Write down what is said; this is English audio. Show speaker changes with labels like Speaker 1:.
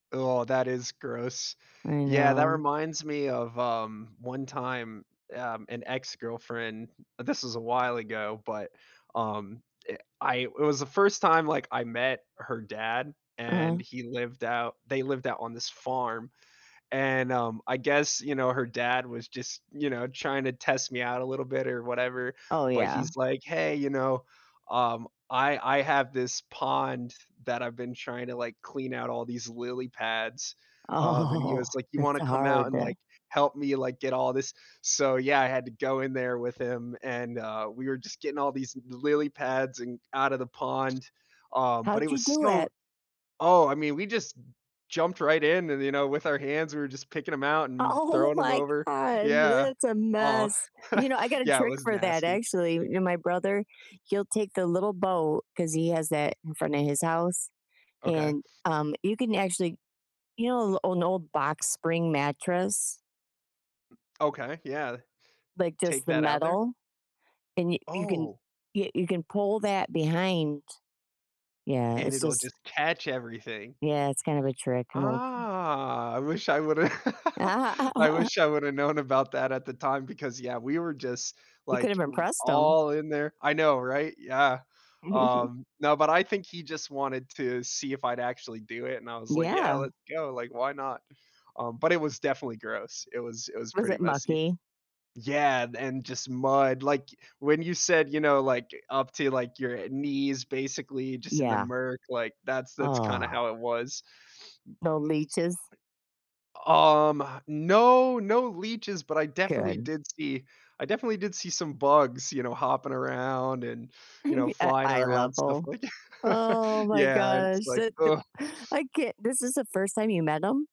Speaker 1: Oh, that is gross.
Speaker 2: I
Speaker 1: Yeah, that
Speaker 2: know.
Speaker 1: reminds me of, um, one time, um, an ex-girlfriend this was a while ago, but, um, eh, I it was the 1st time, like, I met her dad, and
Speaker 2: Uh-huh.
Speaker 1: he lived out they lived out on this farm, and, um, I guess, you know, her dad was just, you know, trying to test me out, a little bit, or whatever,
Speaker 2: Oh,
Speaker 1: but
Speaker 2: yeah.
Speaker 1: he's like, "Hey, you know? Um, I I have this pond that I've been trying to, like, clean out all these lily pads." Um, and he
Speaker 2: Oh,
Speaker 1: was like, "You
Speaker 2: it's
Speaker 1: wanna come out
Speaker 2: hard.
Speaker 1: and, like, help me, like, get all this" so, yeah, I had to go in there with him, and, uh, we were just getting all these l lily pads and out of the pond, um, but
Speaker 2: How'd
Speaker 1: it was
Speaker 2: you do
Speaker 1: so
Speaker 2: it?
Speaker 1: oh, I mean, we just jumped right in and, you know, with our hands, we were just picking 'em out
Speaker 2: O
Speaker 1: and
Speaker 2: oh
Speaker 1: throwing 'em
Speaker 2: my
Speaker 1: over.
Speaker 2: god,
Speaker 1: Yeah.
Speaker 2: that's a
Speaker 1: Aw.
Speaker 2: mess. You know, I got a
Speaker 1: Yeah, it
Speaker 2: trick
Speaker 1: was
Speaker 2: for that
Speaker 1: nasty.
Speaker 2: actually, you know, my brother, he'll take the little boat 'cause he has that in front of his house,
Speaker 1: Okay.
Speaker 2: and, um, you can actually you know, a l an old box spring mattress?
Speaker 1: Okay, yeah.
Speaker 2: Like, just
Speaker 1: Take
Speaker 2: the
Speaker 1: that out there?
Speaker 2: metal and you you can
Speaker 1: Oh.
Speaker 2: yeah, you can pull that behind. Yeah,
Speaker 1: And
Speaker 2: it's
Speaker 1: it'll
Speaker 2: just
Speaker 1: just catch everything.
Speaker 2: Yeah, it's kind of a trick, an old
Speaker 1: Ah, I wish I woulda I wish I woulda known about that at the time because, yeah, we were just,
Speaker 2: You
Speaker 1: like,
Speaker 2: could've
Speaker 1: w
Speaker 2: impressed 'em.
Speaker 1: all in there. I know, right? Yeah. Um, no, but I think he just wanted to see if I'd actually do it, and I was like, "Yeah,
Speaker 2: Yeah.
Speaker 1: let's go, like, why not?" Um, but it was definitely gross. It was it was
Speaker 2: Was
Speaker 1: pretty
Speaker 2: it
Speaker 1: messy.
Speaker 2: mucky?
Speaker 1: Yeah, and and just mud, like, when you said, you know, like, up to, like, your, uh, knees, basically, just in the
Speaker 2: Yeah.
Speaker 1: murk, like, that's that's kinda
Speaker 2: Ugh.
Speaker 1: how it was.
Speaker 2: No leeches?
Speaker 1: Um, no, no leeches, but I definitely
Speaker 2: Good.
Speaker 1: did see I definitely did see some bugs, you know, hopping around and, you know,
Speaker 2: At
Speaker 1: flying
Speaker 2: eye
Speaker 1: around stuff
Speaker 2: level?
Speaker 1: like
Speaker 2: Oh my
Speaker 1: Yeah, and it's
Speaker 2: gosh,
Speaker 1: like,
Speaker 2: it th
Speaker 1: "Ugh."
Speaker 2: I can this is the 1st time you met him?